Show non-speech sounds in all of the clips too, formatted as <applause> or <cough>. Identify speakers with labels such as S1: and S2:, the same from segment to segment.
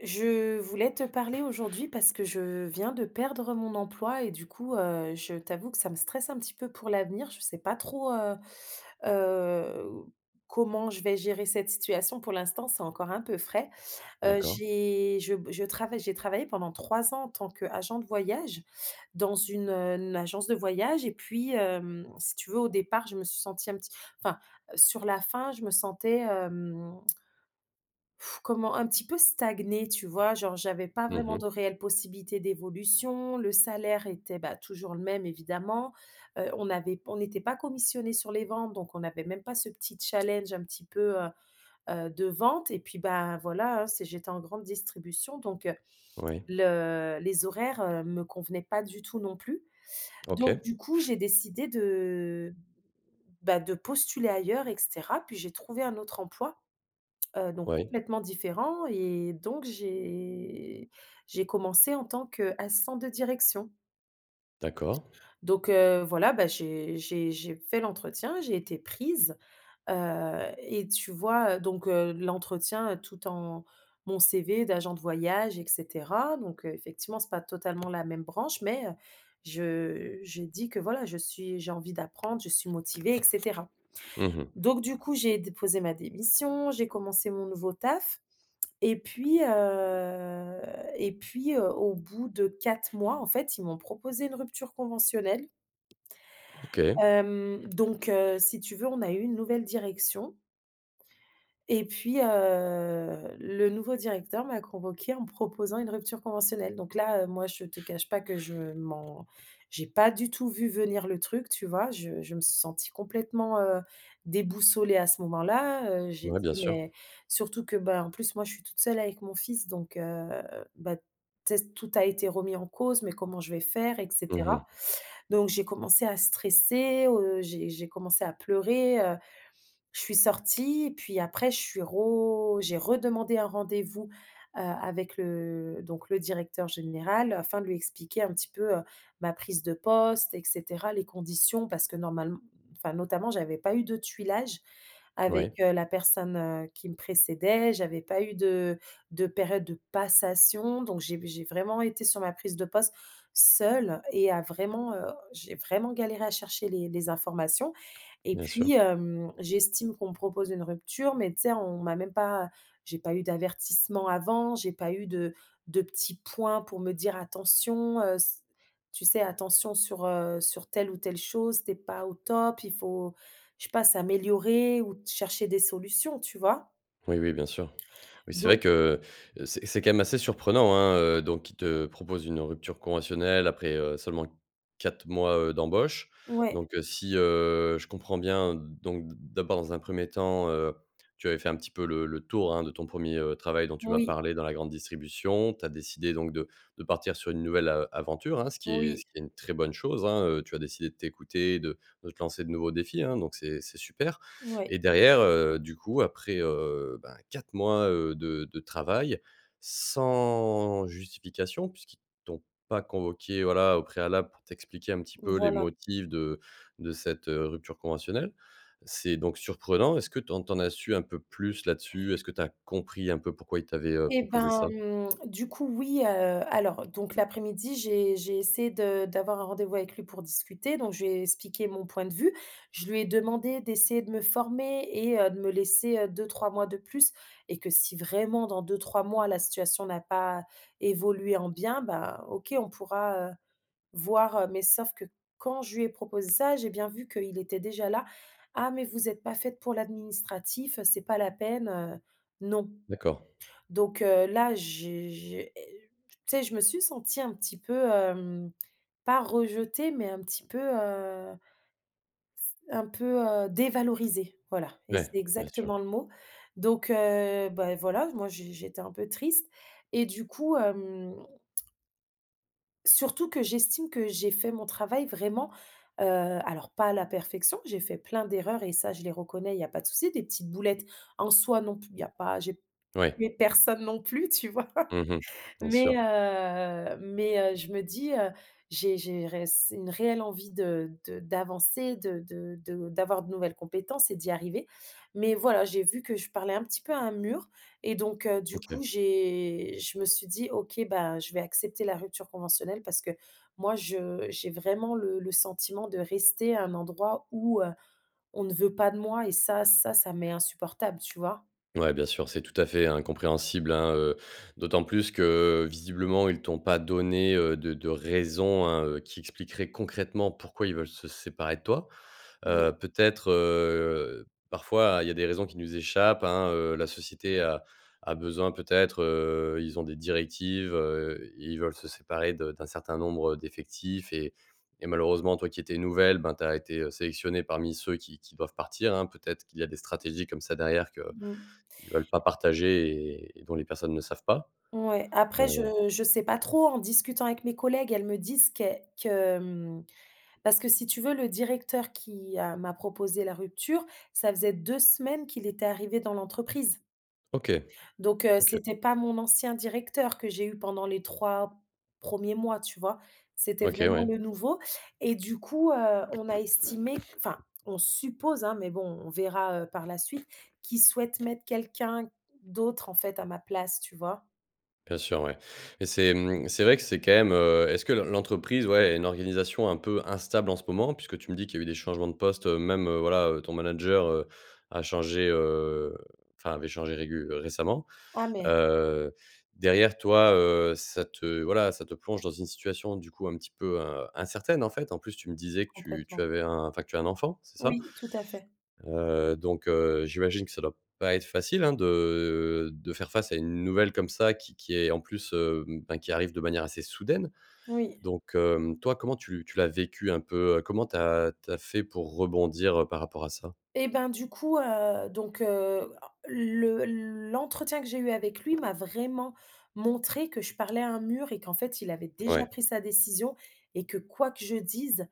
S1: Je voulais te parler aujourd'hui parce que je viens de perdre mon emploi et du coup, heu, je t'avoue que ça me stresse un petit peu pour l'avenir. Je sais pas trop, heu heu, comment je vais gérer cette situation pour l'instant, c'est encore un peu frais. Heu,
S2: D'accord.
S1: j'ai je b je travaille j'ai travaillé pendant 3 ans en tant qu'agent de voyage dans une heu, agence de voyage et puis, hem, si tu veux au départ je me suis sentie un petit enfin sur la fin je me sentais, hem <blows air> comment un petit peu stagner, tu vois? Genre, j'avais pas
S2: Mmh
S1: vraiment
S2: mh.
S1: de réelle possibilité d'évolution, le salaire était, bah, toujours le même évidemment, heu, on avait p on n'était pas commissionné sur les ventes donc on avait même pas ce petit challenge un petit peu, heu heu, de vente et puis, ben, voilà, hein, c'est j'étais en grande distribution donc,
S2: Oui.
S1: le les horaires, heu, me convenaient pas du tout non plus. Donc,
S2: OK.
S1: du coup j'ai décidé de, bah, de postuler ailleurs et cetera puis j'ai trouvé un autre emploi, heu, donc,
S2: Oui.
S1: complètement différent, et donc j'ai j'ai commencé en tant qu'assistante de direction
S2: D'accord.
S1: donc heu, voilà, bah, j'ai j'ai j'ai fait l'entretien, j'ai été prise, heu et tu vois, heu, donc heu, l'entretien tout en mon CV d'agent de voyage et cetera, donc, heu, effectivement c'est pas totalement la même branche mais, heu, je j'ai dis que: «Voilà je suis j'ai envie d'apprendre, je suis motivée et cetera».
S2: Mmh mh.
S1: Donc du coup, j'ai déposé ma démission. J'ai commencé mon nouveau taf, et puis, heu et puis heu, au bout de 4 mois en fait ils m'ont proposé une rupture conventionnelle
S2: OK.
S1: hem, donc, heu, si tu veux on a eu une nouvelle direction et puis, heu, le nouveau directeur m'a convoquée en me proposant une rupture conventionnelle. Donc là, heu, moi je te cache pas que je m'en j'ai pas du tout vu venir le truc, tu vois? Je je me suis sentie complètement, heu, déboussolée à ce moment-là, heu, j'ai
S2: Ouais, bien
S1: dit:
S2: sûr.
S1: «Mais» surtout que bah, en plus moi je suis toute seule avec mon fils donc heu, bah, tu sais tout a été remis en cause: «Mais comment je vais faire et
S2: Mmh
S1: cetera».
S2: mh.
S1: Donc, j'ai commencé à stresser, heu, j'ai j'ai commencé à pleurer, heu, je suis sortie, et puis après, je suis ro j'ai redemandé un rendez-vous, heu, avec le, donc, le directeur général afin de lui expliquer un petit peu, heu, ma prise de poste, et cetera, les conditions parce que normale enfin notamment, j'avais pas eu de tuilage avec,
S2: Oui.
S1: heu, la personne, heu, qui me précédait. J'avais pas eu de de période de passation. Donc, j'ai v j'ai vraiment été sur ma prise de poste seule et a vraiment, heu, j'ai vraiment galéré à chercher les les informations et
S2: Bien sûr.
S1: puis, hem, j'estime qu'on me propose une rupture mais tu sais, on m'a même pas j'ai pas eu d'avertissement avant j'ai pas eu de de petits points pour me dire attention, heu, s tu sais attention sur, heu, sur telle ou telle chose. Tu es pas au top, il faut je sais pas s'améliorer ou chercher des solutions tu vois?
S2: Oui, oui, bien sûr. Oui, c'est vrai
S1: Don
S2: que, heu, c'est c'est quand même assez surprenant, hein, heu, donc qu’ils te proposent une rupture conventionnelle après, heu, seulement 4 mois, heu, d'embauche.
S1: Ouais.
S2: Donc, heu, si, heu, je comprends bien donc d'abord dans un 1er temps, heu, tu avais fait un petit peu le le tour, hein, de ton 1er, heu, travail dont tu m'as
S1: Oui.
S2: parlé dans la grande distribution. Tu as décidé donc de de partir sur une nouvelle, heu, aventure, hein, ce qui
S1: Oui.
S2: ce qui est une très bonne chose, hein. Heu, tu as décidé de t'écouter, de de te lancer de nouveaux défis hein, donc c'est c'est super.
S1: Ouais.
S2: Et derrière, heu, du coup, après, heu, bah, 4 mois, heu, de de travail, sans justification puisqu'ils t'ont pas convoquée, voilà, au préalable pour t'expliquer un petit peu les
S1: Voilà.
S2: motifs de de cette, heu, rupture conventionnelle. C'est donc surprenant. Est-ce que tu en tu en as su un peu plus là-dessus? Est-ce que tu as compris un peu pourquoi ils t'avaient, heu,
S1: Et
S2: proposé ça?
S1: ben, mmh, du coup, oui, heu, alors donc l'après-midi j'ai j'ai essayé de d'avoir un rendez-vous avec lui pour discuter donc, je lui ai expliqué mon point de vue. Je lui ai demandé d'essayer de me former et heu, de me laisser, heu, 2-3 mois de plus et que si vraiment dans 2-3 mois la situation n'a pas évolué en bien, ben OK, on pourra, heu, voir, heu, mais sauf que quand je lui ai proposé ça, j'ai bien vu qu'il était déjà là: «Ah, mais vous êtes pas faite pour l'administratif, c'est pas la peine, heu, non!»
S2: D'accord.
S1: donc heu, là, j'ai j'ai heu, tu sais, je me suis sentie un petit peu, hem, pas rejetée, mais un petit peu, heu s un peu, heu, dévalorisée, voilà. Et c'est
S2: Ouais, bien sûr.
S1: exactement le mot. Donc heu, bah voilà, moi, j'é j'étais un peu triste. Et du coup, hem Surtout que j'estime que j'ai fait mon travail vraiment, heu, alors pas à la perfection, j'ai fait plein d'erreurs et ça je les reconnais il y a pas de souci, des petites boulettes en soi non plus il y a pas j'ai
S2: Ouais.
S1: tué personne non plus, tu vois?
S2: Mmh mh, bien
S1: Mais,
S2: sûr.
S1: heu, mais, heu, je me dis: «Heu, j'ai j'ai réss une réelle envie de de d'avancer de de de d'avoir de nouvelles compétences et d'y arriver». Mais voilà, j'ai vu que je parlais un petit peu à un mur et donc heu, du coup,
S2: OK.
S1: j'ai je me suis dit: «OK bah, je vais accepter la rupture conventionnelle» parce que moi, je j'ai vraiment le le sentiment de rester à un endroit où, heu, on ne veut pas de moi et ça ça ça m'est insupportable, tu vois?
S2: Ouais, bien sûr, c'est tout à fait, hein, compréhensible, hein, heu, d'autant plus que visiblement, ils t'ont pas donné, heu, de de raisons, hein, heu, qui expliqueraient concrètement pourquoi ils veulent se séparer de toi.
S1: Non.
S2: Heu, peut-être, heu, parfois, il y a des raisons qui nous échappent, hein, heu, la société a a besoin peut-être heu, ils ont des directives, heu, i ils veulent se séparer de d'un certain nombre, heu, d'effectifs et et malheureusement toi qui étais nouvelle, bah, tu as été, heu, sélectionnée parmi ceux qui qui doivent partir, hein, peut-être qu'il y a des stratégies comme ça derrière que
S1: Mmh.
S2: qu'ils veulent pas partager et et dont les personnes ne savent pas.
S1: Ouais, après
S2: Heu
S1: je je sais pas trop. En discutant avec mes collègues elles me disent qu'e que mmh parce que si tu veux, le directeur qui a m'a proposé la rupture, ça faisait 2 semaines qu'il était arrivé dans l'entreprise
S2: OK,
S1: donc heu,
S2: OK.
S1: c'était pas mon ancien directeur que j'ai eu pendant les 3 premiers mois, tu vois? C'était
S2: OK,
S1: vraiment
S2: ouais.
S1: le nouveau. Et du coup, heu, on a estimé, enfin on suppose, hein, mais bon, on verra, heu, par la suite, qui souhaite mettre quelqu'un d'autre en fait à ma place, tu vois?
S2: Bien sûr, ouais, et c'est, mmh c'est vrai que c'est quand même, heu est-ce que l'en l'entreprise, ouais, a une organisation un peu instable en ce moment? Puisque tu me dis qu'il y a eu des changements de postes même, heu, voilà, heu, ton manager, heu, a changé, heu enfin, avait changé régul récemment.
S1: Ah mais
S2: Heu, derrière, toi, heu, ça te voilà, ça te plonge dans une situation du coup, un petit peu, in incertaine, en fait, en plus, tu me disais que tu tu
S1: Complètement.
S2: avais un enfin que tu as un enfant, c'est ça?
S1: Oui, tout à fait.
S2: Heu, donc heu, j'imagine que ça doit pas être facile, hein, de de faire face à une nouvelle comme ça qui qui est, en plus, hem, ben, qui arrive de manière assez soudaine,
S1: Oui.
S2: donc hem, toi, comment tu tu l'as vécu un peu? Comment tu as tu as fait pour rebondir, heu, par rapport à ça?
S1: Et ben, du coup, heu donc heu, le l'entretien que j'ai eu avec lui m'a vraiment montré que je parlais à un mur et qu'en fait, il avait déjà
S2: Ouais.
S1: pris sa décision et que, quoi que je dise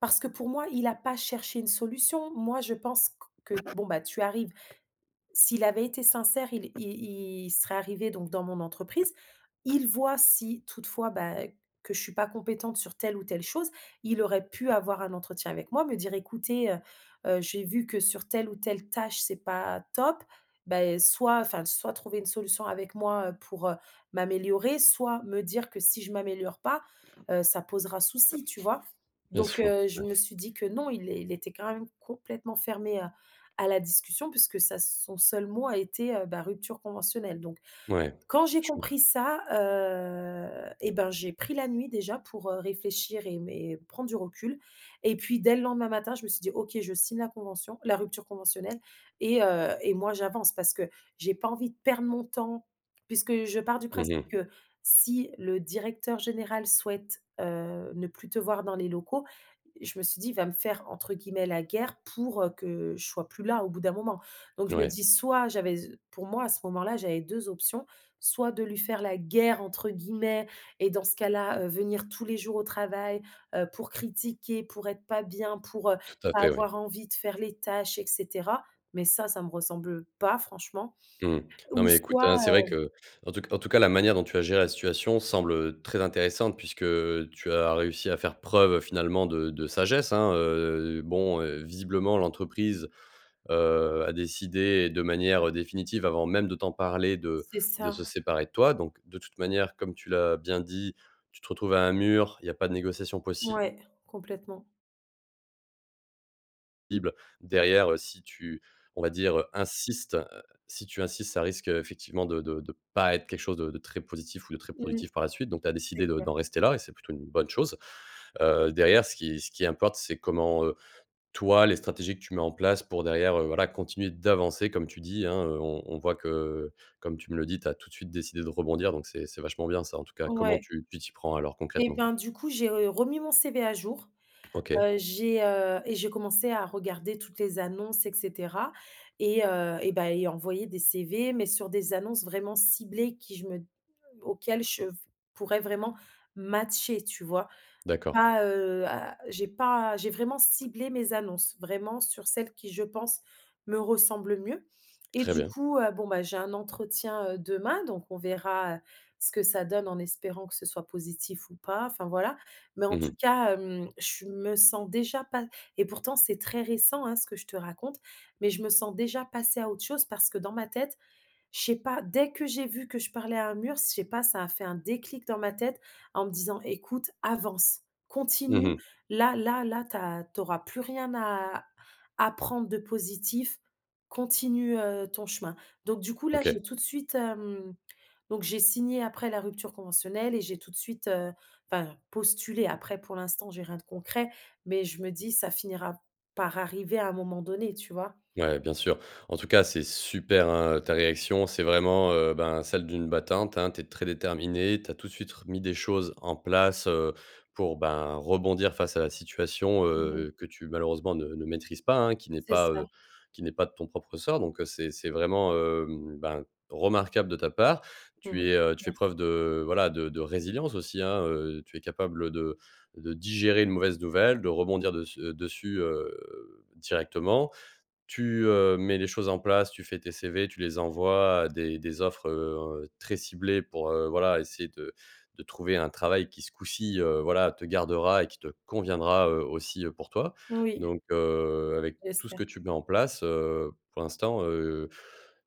S1: parce que pour moi, il a pas cherché une solution, moi, je pense q que bon, bah, tu arrives s'il avait été sincère, il il il serait arrivé, donc, dans mon entreprise, il voit si toutefois, bah, que je suis pas compétente sur telle ou telle chose. Il aurait pu avoir un entretien avec moi, me dire: «Écoutez, heu heu, j'ai vu que sur telle ou telle tâche, c'est pas top», bah heu, soit enfin, soit trouver une solution avec moi pour, heu, m'améliorer, soit me dire que si je m'améliore pas, heu, ça posera souci, tu vois?
S2: Bien
S1: Donc
S2: sûr,
S1: heu, je
S2: ouais.
S1: me suis dit que non, il é il était quand même complètement fermé à à la discussion, puisque sa son seul mot a été, heu, bah, «rupture conventionnelle», donc,
S2: Ouais.
S1: quand j'ai
S2: Je <unintelligible>
S1: compris ça, heu, et ben, j'ai pris la nuit déjà pour, heu, réfléchir et m et prendre du recul, et puis, dès le lendemain matin, je me suis dit: «OK, je signe la convention la rupture conventionnelle et heu, et moi, j'avance parce que j'ai pas envie de perdre mon temps». Puisque je pars du
S2: Mmh
S1: principe
S2: mh.
S1: que si le directeur général souhaite, heu, ne plus te voir dans les locaux, je me suis dit: «Il va me faire, entre guillemets, "la guerre" pour, heu, que je sois plus là au bout d'un moment», donc je me
S2: Ouais.
S1: dis soit j'avais s pour moi, à ce moment-là, j'avais 2 options, soit de lui faire «la guerre», entre guillemets, et dans ce cas-là, heu, venir tous les jours au travail, heu, pour critiquer, pour être pas bien pour, heu,
S2: Tout à
S1: pas
S2: fait, ouais.
S1: avoir envie de faire les tâches et cetera, mais ça, ça me ressemble pas franchement
S2: Mmh, non,
S1: ou
S2: mais écoute,
S1: soit,
S2: hein, c'est vrai
S1: heu
S2: que, en tout c en tout cas, la manière dont tu as géré la situation semble, heu, très intéressante. Puisque, heu, tu as réussi à faire preuve finalement de de sagesse, hein! Heu heu, bon, heu, visiblement l'entreprise, heu, a décidé de manière définitive avant même de t'en parler de
S1: C'est
S2: de
S1: ça.
S2: se séparer de toi, donc de toute manière, comme tu l'as bien dit, tu te retrouves à un mur, il y a pas de négociation possi
S1: Ouais, complètement.
S2: ible derrière, heu, si tu on va dire, insiste, heu si tu insistes, ça risque effectivement de de de pas être quelque chose de de très positif ou de très
S1: Mmh.
S2: productif par la suite, donc tu as
S1: C'est
S2: décidé de d'en
S1: clair.
S2: rester là et c'est plutôt une bonne chose. Heu, derrière, ce qui ce qui importe, c'est comment, heu toi, les stratégies que tu mets en place pour derrière, heu, voilà, continuer d'avancer, comme tu dis, hein, heu, on on voit que, comme tu me le dis, tu as tout de suite décidé de rebondir, donc c'est c'est vachement bien ça, en tout cas. Comment
S1: Ouais.
S2: tu tu t'y prends alors,
S1: Et
S2: concrètement?
S1: ben, du coup, j'ai re remis mon CV à jour.
S2: OK.
S1: Heu, j'ai, heu et j'ai commencé à regarder toutes les annonces et cetera et heu et bah et envoyer des CV, mais sur des annonces vraiment ciblées qui je me auxquelles je v pourrais vraiment matcher, tu vois?
S2: D'accord.
S1: Pas, heu, à j'ai pas j'ai vraiment ciblé mes annonces vraiment sur celles qui, je pense, me ressemblent mieux et
S2: Très
S1: du
S2: bien.
S1: coup, heu, bon, bah, j'ai un entretien, heu, demain, donc on verra ce que ça donne, en espérant que ce soit positif ou pas, enfin, voilà, mais en
S2: Mmh mh.
S1: tout cas, hem, je me sens déjà pa et pourtant, c'est très récent, hein, ce que je te raconte, mais je me sens déjà passer à autre chose. Parce que dans ma tête je sais pas, dès que j'ai vu que je parlais à un mur, je sais pas, ça a fait un déclic dans ma tête, en me disant: «Écoute, avance,
S2: Mmh
S1: continue,
S2: mh.
S1: là là là tu as tu auras plus rien à à prendre de positif, continue, heu, ton chemin», donc du coup là,
S2: OK.
S1: j'ai tout de suite, hem donc j'ai signé, après, la rupture conventionnelle et j'ai tout de suite, heu enfin postulé. Après pour l'instant, j'ai rien de concret, mais je me dis: «Ca finira par arriver à un moment donné», tu vois?
S2: Ouais, bien sûr, en tout cas, c'est super, hein, ta réaction, c'est vraiment, heu, ben, celle d'une battante, hein, tu es très déterminée, tu as tout de suite r mis des choses en place, heu, pour, ben, rebondir face à la situation,
S1: Ouais.
S2: heu, que tu, malheureusement, ne ne maîtrises pas, hein, qui n'est
S1: C'est
S2: pas,
S1: ça.
S2: heu qui n'est pas de ton propre ressort donc, heu, c'est c'est vraiment, hem, ben, remarquable de ta part.
S1: Mmh mh.
S2: Tu es, heu tu fais
S1: Merci.
S2: preuve de, voilà, de de résilience aussi, hein, heu, tu es capable de de digérer une mauvaise nouvelle, de rebondir dess heu, dessus, heu, directement. Tu, heu, mets les choses en place, tu fais tes CV, tu les envoies à des des offres, heu, très ciblées pour, heu, voilà, essayer de de trouver un travail qui, ce coup-ci, heu, voilà te gardera et qui te conviendra, heu, aussi pour toi
S1: Oui.
S2: donc heu, avec tout ce
S1: J'espère.
S2: que tu mets en place, heu, pour l'instant, heu,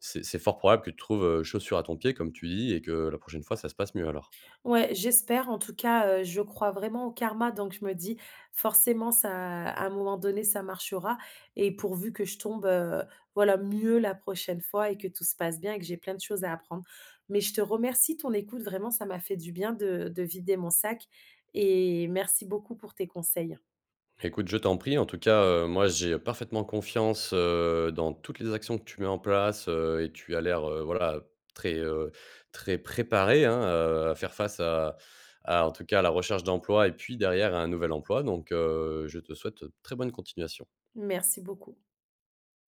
S2: c'est c'est fort probable que tu trouves, heu, chaussure à ton pied, comme tu dis, et que la prochaine fois, ça se passe mieux, alors.
S1: Ouais, j'espère, en tout cas, heu, je crois vraiment au karma, donc je me dis forcément ça à un moment donné, ça marchera et pourvu que je tombe, heu, voilà, mieux la prochaine fois et que tout se passe bien et que j'ai plein de choses à apprendre, mais je te remercie, ton écoute, vraiment, ça m'a fait du bien de de vider mon sac et merci beaucoup pour tes conseils.
S2: Écoute, je t'en prie, en tout cas, heu, moi, j'ai parfaitement confiance, heu, dans toutes les actions que tu mets en place, heu, et tu as l'air, heu, voilà, très, heu très préparée, hein, heu, à faire face à à, en tout cas, à la recherche d'emploi et puis, derrière, un nouvel emploi donc heu, je te souhaite très bonne continuation.
S1: Merci beaucoup.